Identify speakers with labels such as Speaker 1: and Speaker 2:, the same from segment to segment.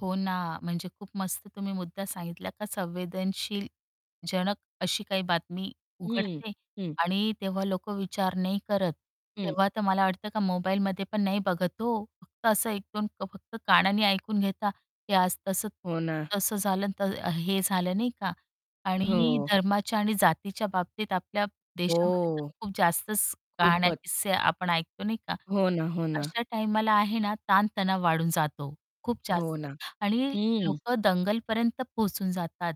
Speaker 1: हो ना, म्हणजे खूप मस्त तुम्ही मुद्दा सांगितला का संवेदनशील जनक अशी काही बातमी
Speaker 2: हं,
Speaker 1: उघडते
Speaker 2: हं.
Speaker 1: आणि तेव्हा लोक विचार नाही करत.
Speaker 2: हं.
Speaker 1: तेव्हा तर मला वाटतं का मोबाईलमध्ये पण नाही बघत हो. फक्त असं 1-2 क फक्त कानांनी ऐकून घेता की आज तसं
Speaker 2: हो ना.
Speaker 1: तिथं तसं झालं तर हे झालं, नाही का? आणि
Speaker 2: हो.
Speaker 1: धर्माच्या आणि जातीच्या बाबतीत आपल्या देशामध्ये तर
Speaker 2: हो.
Speaker 1: खूप जास्तच
Speaker 2: खूपच.
Speaker 1: कहाण्या-किस्से आपण ऐकतो, नाही का?
Speaker 2: हो ना, हो ना.
Speaker 1: अशा टाईमाला आहे ना ताण-तणाव वाढून जातो खूप
Speaker 2: हो
Speaker 1: जास्त
Speaker 2: ना,
Speaker 1: आणि
Speaker 2: हं.
Speaker 1: लोक दंगलपर्यंत पोहोचून जातात.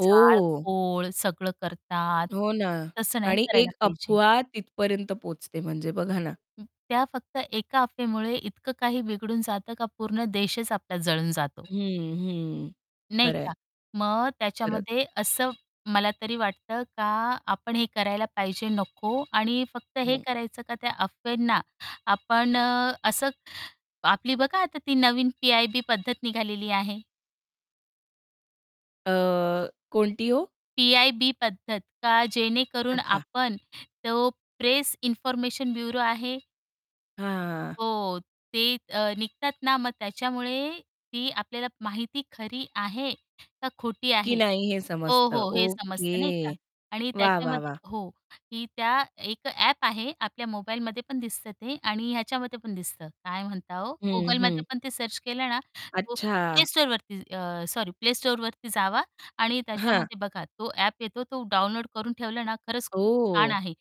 Speaker 2: हो.
Speaker 1: सगळं करतात,
Speaker 2: हो ना.
Speaker 1: तसं नाही
Speaker 2: आणि
Speaker 1: करायला
Speaker 2: एक
Speaker 1: पाहिजे.
Speaker 2: अफवा तिथपर्यंत पोहोचते म्हणजे बघा ना.
Speaker 1: हं, त्या फक्त एका अफवेमुळे इतकं काही बिघडून जातं, का पूर्ण देशच आपला जळून जातो.
Speaker 2: हं, हं,
Speaker 1: नाही का?
Speaker 2: खरंय.
Speaker 1: मग
Speaker 2: परत.
Speaker 1: त्याच्यामध्ये असं मला तरी वाटतं का आपण हे करायला पाहिजे, नको आणि फक्त हे
Speaker 2: हं.
Speaker 1: करायचं का त्या अफवेना आपण अ, असं आपली बघा आता ती नवीन पी-आय-बी पद्धत निघालेली आहे.
Speaker 2: अ, कोणती हो?
Speaker 1: पी-आय-बी पद्धत का, जेणेकरून
Speaker 2: अच्छा.
Speaker 1: आपण तो प्रेस इन्फॉर्मेशन ब्युरो आहे.
Speaker 2: हां.
Speaker 1: हो. ते अ, निघतात ना मग त्याच्यामुळे ती आपल्याला माहिती खरी आहे का खोटी
Speaker 2: की
Speaker 1: आहे.
Speaker 2: नाही हे
Speaker 1: हो,
Speaker 2: समजतं.
Speaker 1: हो, हे समजतं, नाही का?
Speaker 2: ओके
Speaker 1: आणि
Speaker 2: वाह, वाह,
Speaker 1: त्याच्यामध्ये
Speaker 2: वाह!
Speaker 1: हो, ही त्या एक ॲप आहे आपल्या मोबाईलमध्ये पण दिसतं ते आणि ह्याच्यामध्ये पण दिसतं. काय म्हणता ओ?
Speaker 2: हं,
Speaker 1: Googleमध्ये
Speaker 2: हं.
Speaker 1: पण ते सर्च केलं ना, तो Play
Speaker 2: अच्छा.
Speaker 1: Storeवरती अ, सॉरी Play Storeवरती जावा आणि
Speaker 2: हां.
Speaker 1: त्याच्यामध्ये बघा तो ॲप येतो. तो डाउनलोड करून ठेवलं ना, खरंच खूप छान
Speaker 2: ओह!
Speaker 1: आहे.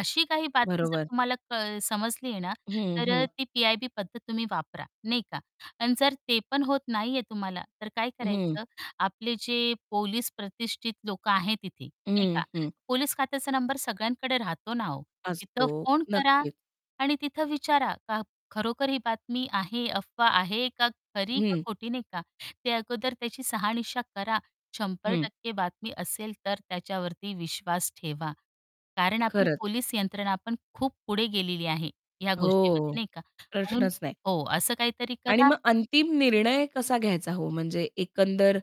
Speaker 1: अशी काही बातमी जर
Speaker 2: बरोबर.
Speaker 1: तुम्हाला क समजली आहे ना,
Speaker 2: हं,
Speaker 1: तर अ,
Speaker 2: हं.
Speaker 1: ती पी-आय-बी पद्धत तुम्ही वापरा, नाही का? आणि जर ते पण होत नाहीये तुम्हाला, तर काय
Speaker 2: हं.
Speaker 1: करायचं? आपले जे पोलीस प्रतिष्ठित लोक आहेत तिथे, नाही
Speaker 2: हं,
Speaker 1: का,
Speaker 2: हं.
Speaker 1: पोलीस खात्याचा नंबर सगळ्यांकडे राहतो ना हो, तिथं
Speaker 2: असतो
Speaker 1: फोन करा
Speaker 2: नक्कीच.
Speaker 1: आणि तिथं विचारा का खरोखर ही बातमी आहे, अफवा आहे का खरी का
Speaker 2: हं.
Speaker 1: खोटी, नाही का? ते अगोदर त्याची शहानिशा करा. शंभर
Speaker 2: हं.
Speaker 1: टक्के बातमी असेल, तर त्याच्यावरती विश्वास ठेवा. कारण आपली
Speaker 2: खरंच.
Speaker 1: पोलीस यंत्रणा पण खूप पुढे गेलेली आहे ह्या
Speaker 2: हो,
Speaker 1: गोष्टीमध्ये नाही का, म्हणून
Speaker 2: प्रश्नच नाही.
Speaker 1: हो असं काहीतरी
Speaker 2: आणि
Speaker 1: करा
Speaker 2: मग अंतिम निर्णय कसा घ्यायचा हो? म्हणजे एकंदर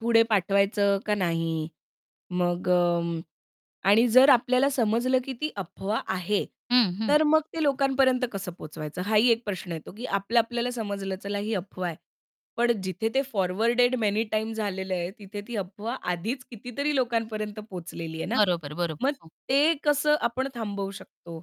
Speaker 2: पुढे पाठवायचं का नाही, मग अं, आणि जर आपल्याला समजलं, की ती अफवा आहे,
Speaker 1: हं, हं.
Speaker 2: तर मग ते लोकांपर्यंत कसं पोहोचवायचं? हाही एक प्रश्न येतो, की आपल्या-आपल्याला समजलं चला ही अफवा आहे, पण जिथे ते फॉरवर्डेड मेनी टाईम्स झालेलं आहे, तिथे ती अफवा आधीच कितीतरी लोकांपर्यंत पोहोचलेली आहे ना,
Speaker 1: बरोबर, बरोबर,
Speaker 2: मग
Speaker 1: हो.
Speaker 2: ते कसं आपण थांबवू शकतो?